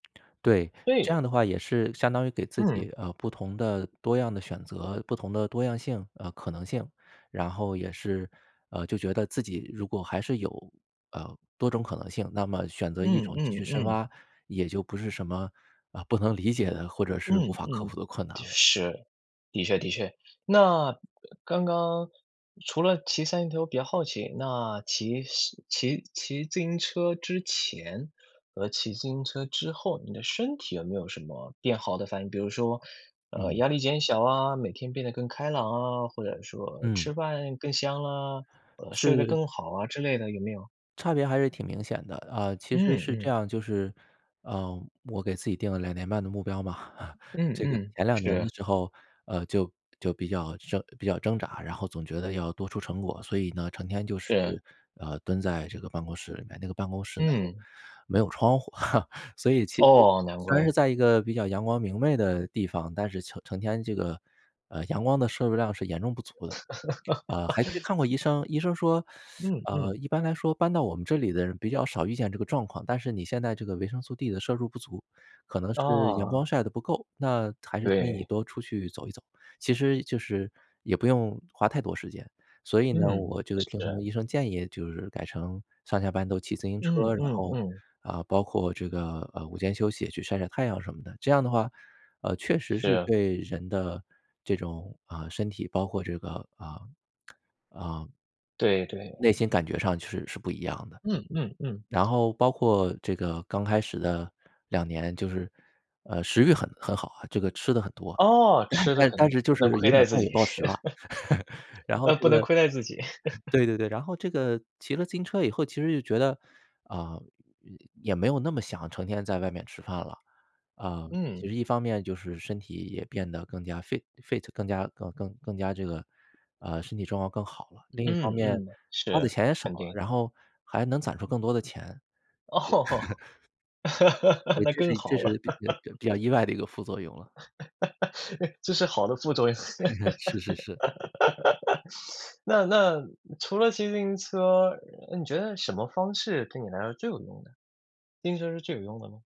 对，这对。样的话也是相当于给自嗯。己，呃，不同的、多样的选择，不同的多样性呃，可能性。然后也是，呃，就觉得自己如果还是有，呃，多种可能性，那么选择一嗯，种继嗯，续深嗯。挖，也就不是什么，啊，不能理解的或者是嗯，无法克嗯。服的困难了。是，的确，的确。那刚刚除了骑 [unintelligible] 头，我比较好奇，那骑骑骑自行车之前和骑自行车之后，你的身体有没有什么变好的反应？比如说，呃，嗯。压力减小啊，每天变得更开朗啊，或者说嗯。吃饭更香啊，呃，睡得是。更好啊之类的有没有？差别还是挺明显的。啊，其实嗯，是这嗯。样就是，呃，我给自己定了2年半的目标嘛。嗯，这个嗯，前2年的是。时候，呃，就就比较挣比较挣扎，然后总觉得要多出成果，所以呢，成天就是，是。呃，蹲在这个办公室里面，那个办公室呢又嗯。没有窗户。所以其实哦，难虽然是怪。在一个比较阳光明媚的地方，但是成成天这个，呃，阳光的摄入量是严重不足的。啊，还去看过 医生，医生说：嗯，“呃，嗯。一般来说搬到我们这里的人比较少遇见这个状况。但是你现在这个维生素 D 的摄入不足，可能是阳光啊。晒得不够。那还是建议你对。多出去走一走，其实就是也不用花太多时间。”所以呢，嗯，我这个听从是。医生建议就是改成上下班都骑自行车嗯，儿，然嗯，后，嗯。啊，包括这个，呃，午间休息也去晒晒太阳什么的。这样的话，呃，确实是是啊。对人的这种，啊，身体包括这个，啊，啊对，对。内心感觉上就是是不一样的。嗯，嗯，嗯。然后包括这个刚开始的2年，就是，呃，食欲很很好啊，这个吃得很多，哦，但吃的但肯但定，是就不是能亏有点待自暴饮己。暴食了。然后嗯，这不能个亏待自己。对，对，对，然后这个骑了自行车以后其实就觉得，啊，也也没有那么想成天在外面吃饭了。啊，其嗯。实一方面就是身体也变得更加 fi fit，更加更更更加这个呃，身体状况更好了，另一方嗯，面嗯。花的是，钱也少肯了，定。然后还能攒出更多的钱。就哦，所以那这是更一这好是了。比呃，比比较 意外的一个副作用了。哎，这是好的副作用。是，是，是。那那除了骑自行车，嗯，你觉得什么方式对你来说最有用呢？自行车是最有用的吗？